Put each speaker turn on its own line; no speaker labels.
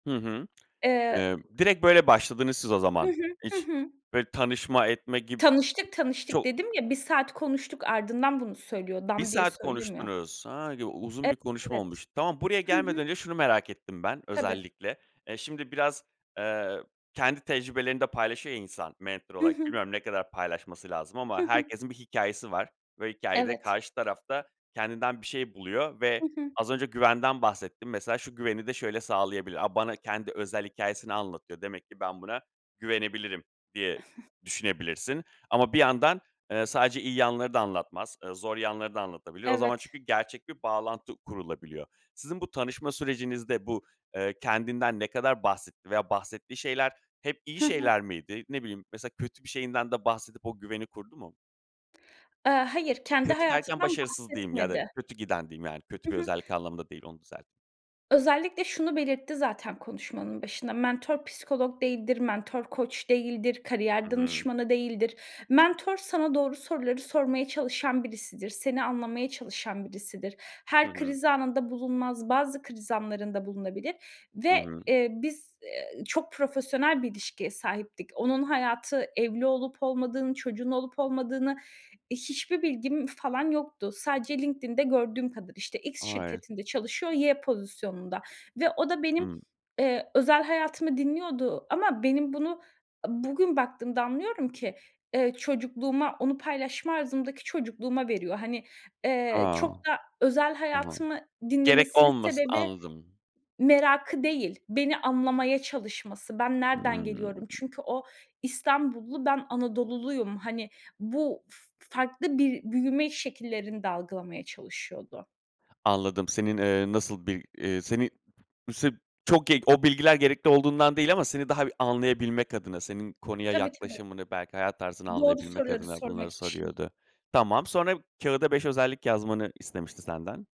Hı hı.
Eee.
Eee, direkt böyle başladınız siz o
Hı
zaman.
hı. Hı
Hiç,
hı.
böyle, tanışma, etme gib
Tanıştık, tanıştık
Çok
dedim ya, 1 saat konuştuk, ardından bunu söylüyor.
1
Dan diye
saat
söylemiyor.
konuştunuz. A, u uzun
Ev
bir konuşma
evet.
olmuş. Tamam, buraya
Hı hı.
gelmeden önce şunu merak ettim ben,
Tabii.
özellikle. Eee, şimdi biraz, eee, kendi tecrübelerini de paylaşıyor ya insan, mental
Hı
olarak.
hı.
Bilmiyorum ne kadar paylaşması lazım
Hı
ama
hı.
herkesin bir hikâyesi var ve hikâyede,
Evet.
karşı tarafta kendinden bir şey buluyor ve
Hı hı.
az önce güvenden bahsettin. Mesela, şu güveni de şöyle sağlayabilir. A, bana kendi özel hikâyesini anlatıyor. Demek ki ben buna güvenebilirim, diye düşünebilirsin. Ama bir yandan, eee, sadece iyi yanları da anlatmaz. Eee, zor yanları da anlatabiliyor. O zaman,
Evet.
çünkü gerçek bir bağlantı kurulabiliyor. Sizin bu tanışma sürecinizde bu, eee, kendinden ne kadar bahsetti veya bahsettiği şeyler hep iyi
Hı hı.
şeyler miydi? Ne bileyim, mesela, kötü bir şeyinden de bahsedip o güveni kurdu mu?
Eee, hayır, kendi
Kötü derken,
hayatından
başarısız diyeyim ya da
bahsetmedi.
kötü giden diyeyim, yani kötü
Hı
bir
hı.
özellik anlamında değil, onu düzelt
Özellikle şunu belirtti zaten, konuşmanın başında. Mentor, psikolog değildir, mentor, koç değildir,
Hı
kariyer
hı.
danışmanı değildir. Mentor, sana doğru soruları sormaya çalışan birisidir, seni anlamaya çalışan birisidir.
Hı
Her
hı.
kriz anında bulunmaz, bazı kriz anlarında bulunabilir
Hı
ve,
hı.
eee, biz, eee, çok profesyonel bir ilişkiye sahiptik. Onun hayatı, evli olup olmadığını, çocuğun olup olmadığını, hiçbir bilgim falan yoktu. Sadece LinkedIn'de gördüğüm kadar, işte, X
Ay.
şirketinde çalışıyor, Y pozisyonunda ve o da benim,
Hı.
eee, özel hayatımı dinliyordu ama benim bunu, bugün baktığımda anlıyorum ki, eee, çocukluğuma, onu paylaşma arzımdaki çocukluğuma veriyor. Hani, eee,
A.
çok da özel
Tamam.
hayatımı
Gerek
dinlemesinin
olmasın,
sebebi,
anladım.
merakı değil, beni anlamaya çalışması. Ben nereden
Hı.
geliyorum? Çünkü o, İstanbullu, ben Anadoluluyum. Hani, bu f farklı bir büyüme şekillerini de algılamaya çalışıyordu.
Anladım. Senin, eee, nasıl bir, eee, seni sırf çok [unintelligible] o bilgiler gerekli olduğundan değil ama seni daha anlayabilmek adına, senin konuya
Tabii, tabii.
yaklaşımını, belki hayat tarzını
Doğru
anlayabilmek
soruları
adına bunları
sormak için.
soruyordu. Tamam, sonra kağıda 5 özellik yazmanı istemişti senden.